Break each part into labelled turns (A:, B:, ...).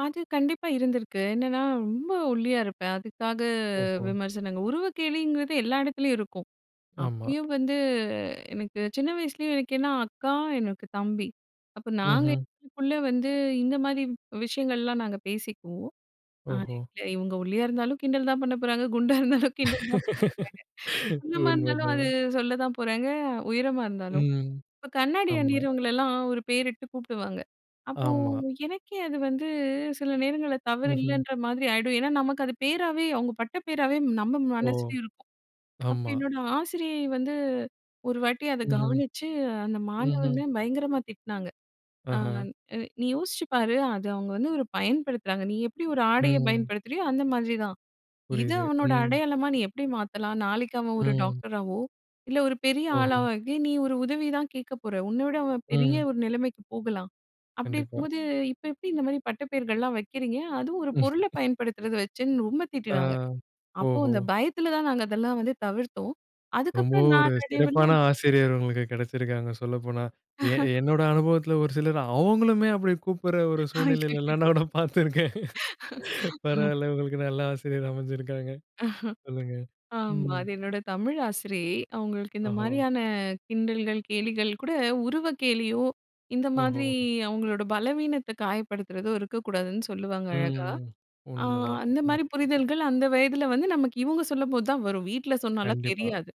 A: அது கண்டிப்பா இருந்திருக்கு. என்னன்னா, ரொம்ப ஒல்லியா இருப்பேன். அதுக்காக
B: ஓஹோ!
A: விமர்சனங்கள். உருவக் கேலிங்கிறது எல்லா எடத்திலேயும் இருக்கும்.
B: ஆமா.
A: அப்பயும் வந்து எனக்கு சின்ன வயசுலயே எனக்கு ஏன்னா அக்கா, எனக்கு தம்பி. அப்ப நாங்க
B: ம்ஹ்ம்.
A: எங்களுக்குள்ள வந்து, இந்த மாரி வ் விஷயங்கள்ல்லாம் நாங்க பேசிக்குவோம். அது
B: ஓஹோ!
A: எங்கள இவுங்க ஒல்லியா இருந்தாலும் கிண்டல் தான் பண்ணப்போறாங்க, குண்டா இருந்தாலும் கிண்டல் தான் பண்ணப்போறாங்க. குள்ளமா இருந்தாலும் அது
B: உண்மதான்.
A: சொல்லதான் போறாங்க, உயரமா இருந்தாலும்.
B: ம்,
A: இப்ப கண்ணாடி
B: ஆமா.
A: அணியிறவங்களல்லாம் ஒரு பேரிட்டு கூப்புடுவாங்க. அப்போ,
B: ஆமா.
A: எனக்கே அது வந்து சில நேரங்கள்ல
B: ம்ஹ்ம்.
A: தவறில்லைன்ற மாதிரி ஆயிடும். ஏன்னா, நமக்கு அது பேராவே அவுங்க பட்ட பேராவே நம்ம
B: ஓ!
A: மனசுலயும் இருக்கும். அப்ப
B: ஆமா.
A: என்னோட ஆசிரியை வந்து ஒருவாட்டி அத
B: ம்ஹ்ம்.
A: கவனிச்சு, அந்த
B: ம்ஹ்ம்.
A: மாணவன பயங்கரமா திட்டுனாங்க. அ
B: ஆஹா
A: நீ யோசிச்சு பாரு, அது அவுங்க வந்து ஒரு பயன்படுத்துறாங்க. நீ எப்படி ஒரு ஆடைய
B: ம்.
A: பயன்படுத்துறியோ, அந்த மாதிரி தான். இது
B: புரியுது,
A: அவனோட
B: ம்
A: அடையாளமா நீ எப்படி மாத்தலாம்? நாளைக்கு அவன் ஒரு
B: ம்.
A: டாக்டராவோ, இல்ல ஒரு பெரிய
B: ஓஹோ!
A: ஆளாவோ ஆகி, நீ ஒரு உதவி தான் கேட்கப்போற. உன்ன விட அவன் பெரிய
B: ம்.
A: ஒரு நிலைமைக்கு போகலாம். அப்படி
B: கண்டிப்பா.
A: இருக்கும்போது, இப்ப எப்படி இந்த மாரி பட்டப் பேர்கள்லாம் வைக்கிறீங்க? அதுவும் ஒரு பொருள பயன்படுத்துறத வச்சுன்னு ரொம்ப
B: ஆ,
A: திட்டுனாங்க. அப்போ
B: ஓஹோ!
A: அந்த பயத்துல தான் நாங்க அதெல்லாம் வந்து தவிர்த்தோம். அதுக்கப்புறம்
B: ரொம்பவும் ஒரு சிறப்பான
A: நாளடைவுல
B: ஆசிரியர் உங்களுக்கு கெடச்சிருக்காங்க சொல்லப்போனா. எ என்னோட அனுபவத்துல ஒரு சிலர் அவுங்களுமே அப்படி கூப்புடுற ஒரு சூழ்நிலையிலலாம்
A: அய்யயோ!
B: நான் நான் பார்த்திருக்கேன்.
A: [unintelligible]
B: பரவால்ல உங்களுக்கு நல்ல ஆசிரியர் அமைஞ்சிருக்காங்க. சொல்லுங்க,
A: ஆமா,
B: ம்.
A: அது என்னோட தமிழ் ஆசிரியை. அவங்களுக்கு இந்த
B: ஓஹோ!
A: மாரியான கிண்டல்கள், கேலிகள் கூட உருவக் கேலியோ, இந்த மாதிரி
B: ஓஹோ!
A: அவங்களோட பலவீனத்த காயப்படுத்துறதோ இருக்கக் கூடாதுன்னு சொல்லுவாங்க அழகா.
B: ம்.
A: ஆ
B: உண்மதான்,
A: அந்த மாரி
B: உண்மதான்.
A: புரிதல்கள் அந்த வயதுல வந்து, நமக்கு இவுங்க சொல்லும்போதான் வரும், வீட்ல சொன்னால்லாம்
B: கண்டிப்பா.
A: தெரியாது.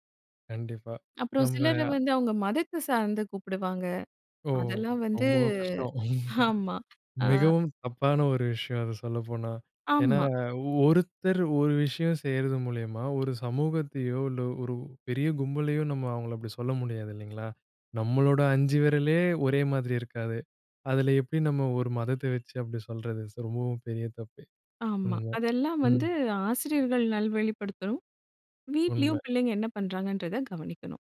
B: கண்டிப்பா.
A: அப்புறம்
B: நம்ம
A: சிலர வந்து அவுங்க மதத்த சார்ந்து கூப்புடுவாங்க.
B: ஓ!
A: அதெல்லாம் வந்து
B: ரொம்பவும் கஷ்டம்.
A: ஆமா அ.
B: மிகவும் தப்பான ஒரு விஷயம் அது சொல்லப்போனா. ஏன்னா,
A: ஆமா.
B: ஒருத்தர் ஒரு விஷயம் செய்யறது மூலியமா ஒரு சமூகத்தையோ, இல்ல ஒரு பெரிய கும்பலையோ நம்ம அவங்கள அப்படி சொல்ல முடியாது இல்லைங்களா? நம்மளோட 5 வெரலே ஒரே மாதிரி இருக்காது. அதுல எப்படி நம்ம ஒரு மதத்த வெச்சு அப்படி சொல்றது சோ, ரொம்பவும் பெரிய தப்பு.
A: ஆமா.
B: உண்ம.
A: அதெல்லாம்
B: ம்.
A: வந்து ஆசிரியர்கள் நல்வழிப்படுத்தணும்.
B: உண்ம.
A: வீட்லயும் பிள்ளைங்க என்ன பண்றாங்கன்றத கவனிக்கணும்.